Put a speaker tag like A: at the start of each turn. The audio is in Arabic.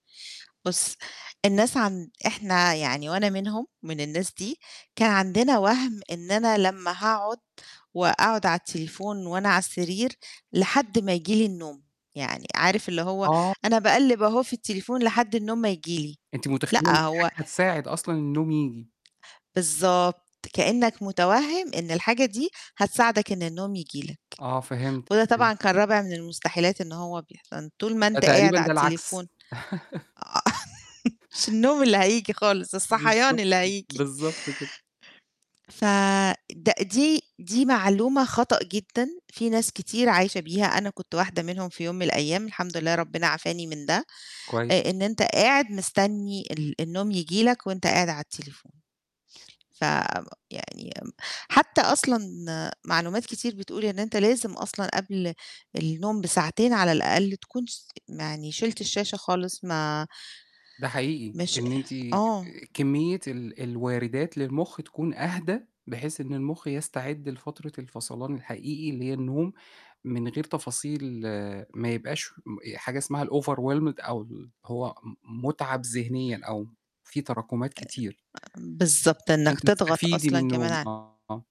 A: بُصّ، الناس عن إحنا يعني وأنا منهم من الناس دي، كان عندنا وَهْم إن أنا لمّا هاقعد وأقعد على التليفون وأنا على السرير لحد ما ييجي لي النوم، يعني عارف اللي هو
B: آه.
A: أنا باقلِّب أهو في التليفون لحد النوم ما ييجي لي.
B: أنتِ متخيّلة إن
A: لأ،
B: دي حاجة
A: هو
B: هتساعد أصلًا النوم ييجي.
A: بالضبط، كإنّك متوَهِّم إن الحاجة دي هتساعدك إن النوم ييجي لك،
B: آه، فهمت،
A: وده طبعًا
B: فهمت.
A: كان رابع من المستحيلات إن هو بيحصل، طول ما
B: ده
A: أنت
B: تقريبًا
A: قاعد على
B: ده
A: التليفون أ
B: العكس.
A: مش النوم اللي هييجي خالص، الصَحيان
B: بالضبط،
A: اللي هييجيي.
B: بالضبط كده.
A: ف د دي دي معلومة خطأ جدًا، في ناس كتير عايشة بيها، أنا كنت واحدة منهم في يوم من الأيام الحمد لله ربِّنا عَفاني من ده، آآ
B: كويس.
A: إن أنت قاعد مستنّي ال النوم ييجي لك وأنت قاعد على التليفون، فم يعني م حتّى أصلًا معلومات كتير بتقول إن أنت لازم أصلًا قبل النوم بساعتين على الأقل تكون س يعني شِلْت الشاشة خالص ما
B: ده حقيقي،
A: مش
B: إن أنتِ
A: آه.
B: كمّية ال الوارِدات للمُخ تكون أهدى، بحيث إن المُخ يستعد لفترة الفصلان الحقيقي اللي هي النوم، من غير تفاصيل ما يبقاش م حاجة اسمها الoverwhelmed أو اللي هو م مُتعَب ذِهنيًا أو في تراكمات
A: آآ
B: كتير.
A: بالضبط،
B: عشان
A: إنّك تضغط
B: تستفيدي
A: أصلًا
B: من
A: كمان
B: النوم،
A: ع
B: آه.